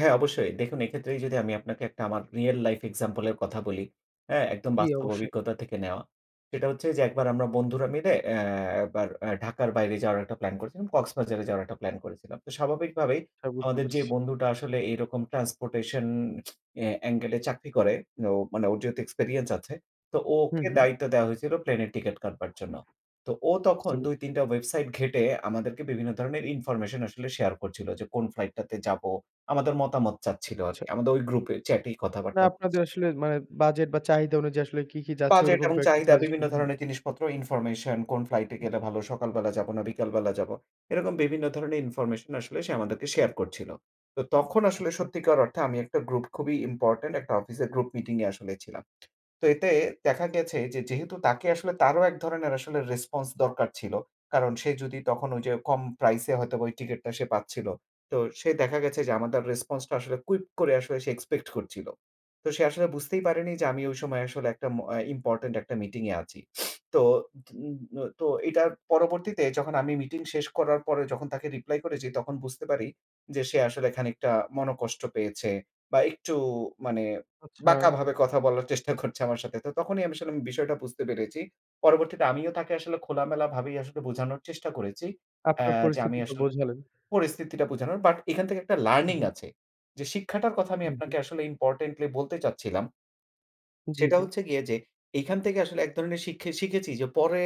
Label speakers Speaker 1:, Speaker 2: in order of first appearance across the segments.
Speaker 1: হ্যাঁ, অবশ্যই দেখুন এক্ষেত্রেই যদি আমি আপনাকে একটা আমার রিয়াল লাইফ এক্সাম্পল এর কথা বলি, হ্যাঁ, একদম
Speaker 2: জি,
Speaker 1: বাস্তব
Speaker 2: অবশ্যই।
Speaker 1: অভিজ্ঞতা থেকে নেওয়া। সেটা হচ্ছে যে একবার আমরা বন্ধুরা মিলে অ্যা একবার অ্যা ঢাকার বাইরে যাওয়ার একটা প্ল্যান করেছিলাম। কক্সবাজারে যাওয়ার একটা প্ল্যান করেছিলাম। তো স্বাভাবিকভাবেই
Speaker 2: হ্যাঁ, বুঝতে
Speaker 1: আমাদের যে
Speaker 2: পেরেছি।
Speaker 1: বন্ধুটা আসলে এইরকম ট্রান্সপোর্টেশন অ্যা এঙ্গেল এ চাকরি করে, ও মানে ওর যেহেতু এক্সপেরিয়েন্স আছে তো
Speaker 2: হুম,
Speaker 1: ওকে
Speaker 2: হু।
Speaker 1: দায়িত্ব দেওয়া হয়েছিল প্লেনের টিকেট কাটবার জন্য। তো ও
Speaker 2: বুঝতে
Speaker 1: তখন
Speaker 2: পেরেছি।
Speaker 1: দুই-তিনটা ওয়েবসাইট ঘেঁটে আমাদেরকে বিভিন্ন ধরনের ইনফরমেশন আসলে শেয়ার করছিল যে কোন ফ্লাইট টাতে যাবো। আমাদের মতামত চাচ্ছিল
Speaker 2: আচ্ছা, আচ্ছা।
Speaker 1: আরকি। আমাদের ওই গ্রুপে চ্যাট এই
Speaker 2: না
Speaker 1: কথাবার্তা
Speaker 2: আপনাদের
Speaker 1: হচ্ছে।
Speaker 2: আসলে মানে বাজেট বা চাহিদা অনুযায়ী আসলে কি কি যাচ্ছে
Speaker 1: বাজেট
Speaker 2: ঐরকম
Speaker 1: এবং
Speaker 2: কয়েকটা
Speaker 1: চাহিদা,
Speaker 2: সাজেশন
Speaker 1: বিভিন্ন ধরনের
Speaker 2: [unintelligible]
Speaker 1: জিনিসপত্র, ইনফরমেশন, কোন ফ্লাইট এ
Speaker 2: হুম।
Speaker 1: গেলে ভালো, সকালবেলা যাব না বিকালবেলা যাব, এরকম বিভিন্ন ধরনের ইনফরমেশন আসলে সে আমাদেরকে শেয়ার করছিল। তো তখন আসলে
Speaker 2: আচ্ছা।
Speaker 1: সত্যিকার অর্থে আমি একটা গ্রুপ খুবই ইম্পোর্টেন্ট একটা অফিসের গ্রুপ মিটিং এ আসলে ছিলাম। তো এতে দেখা গেছে যে যেহেতু তাকে আসলে তারও এক ধরনের আসলে রেসপন্স দরকার ছিল। কারণ সে যদি তখন ওই যে কম প্রাইস এ হয়তোবা ওই টিকেটটা সে পাচ্ছিল। তো সে দেখা গেছে যে আমাদের রেসপন্স টা আসলে কুইক করে আসলে সে এক্সপেক্ট করছিল। তো সে আসলে বুঝতেই পারেনি যে আমি ওই সময় আসলে একটা ম অ্যা ইম্পোর্টেন্ট একটা মিটিং এ আছি। তো উম তো এটার পরবর্তীতে যখন আমি মিটিং শেষ করার পরে যখন তাকে রিপ্লাই করেছি তখন বুঝতে পারি যে সে আসলে খানিকটা মনঃকষ্ট পেয়েছে। বা একটু মানে
Speaker 2: আচ্ছা।
Speaker 1: বাঁকা ভাবে কথা বলার চেষ্টা করছে আমার সাথে। তো তখনই আমি আসলে বিষয়টা বুঝতে পেরেছি। পরবর্তীতে আমিও তাকে আসলে খোলামেলা ভাবেই আসলে বুঝানোর চেষ্টা করেছি, অ্যা
Speaker 2: আপনার
Speaker 1: যে আমি
Speaker 2: পরিস্থিতিটা
Speaker 1: আসলে
Speaker 2: বোঝালেন।
Speaker 1: পরিস্থিতিটা বোঝানোর বাট এখান থেকে একটা
Speaker 2: হুম,
Speaker 1: লার্নিং
Speaker 2: হু।
Speaker 1: আছে। যে শিক্ষাটার কথা আমি
Speaker 2: হুম, হু।
Speaker 1: আপনাকে আসলে ইম্পোর্টেন্টলি বলতে চাচ্ছিলাম
Speaker 2: জি,
Speaker 1: সেটা
Speaker 2: জি।
Speaker 1: হচ্ছে গিয়ে যে, এখান থেকে আসলে এক ধরনের শিক্ষে শিখেছি যে পরে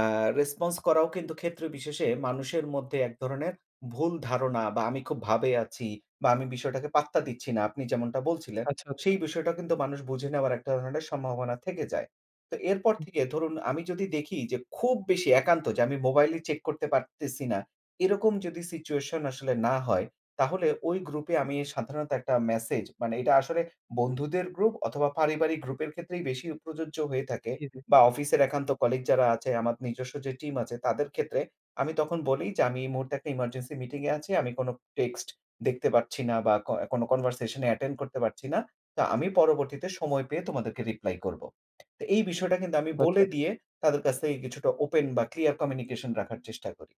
Speaker 1: আ রেসপন্স করাও কিন্তু ক্ষেত্রবিশেষে মানুষের মধ্যে এক ধরনের ভুল ধারণা বা আমি খুব ভাবে আছি বা আমি বিষয়টাকে পাত্তা দিচ্ছি না। আপনি যেমনটা বলছিলেন,
Speaker 2: আচ্ছা, আচ্ছা।
Speaker 1: সেই বিষয়টা কিন্তু মানুষ বুঝে নেওয়ার একটা ধরনের সম্ভাবনা থেকে যায়। তো এরপর
Speaker 2: হুম।
Speaker 1: থেকে ধরুন আমি যদি দেখি যে খুব বেশি একান্ত যে আমি মোবাইলই চেক করতে পারতেছি না। এরকম যদি সিচুয়েশন আসলে না হয় তাহলে ওই গ্রুপে আমি সাধারণত একটা মেসেজ মানে এটা আসলে বন্ধুদের গ্রুপ অথবা পারিবারিক গ্রুপের ক্ষেত্রেই বেশি প্রযোজ্য হয়ে থাকে
Speaker 2: জি, জি।
Speaker 1: বা অফিসের একান্ত
Speaker 2: আচ্ছা।
Speaker 1: কলিগ যারা আছে আমার নিজস্ব যে টিম আছে তাদের ক্ষেত্রে আমি তখন বলি যে, "আমি এই মুহূর্তে একটা এমার্জেন্সি মিটিং এ আছি। আমি কোনো টেক্সট দেখতে পাচ্ছি না বা ক কোন কনভারসেশন এ অ্যাটেন্ড করতে পারছি না। তো আমি পরবর্তীতে সময় পেয়ে তোমাদেরকে রিপ্লাই করব।" তো এই বিষয়টা কিন্তু আমি
Speaker 2: আচ্ছা,
Speaker 1: বলে
Speaker 2: আচ্ছা।
Speaker 1: দিয়ে তাদের কাছ থেকে কিছুটা ওপেন বা ক্লিয়ার কমিউনিকেশন রাখার চেষ্টা করি।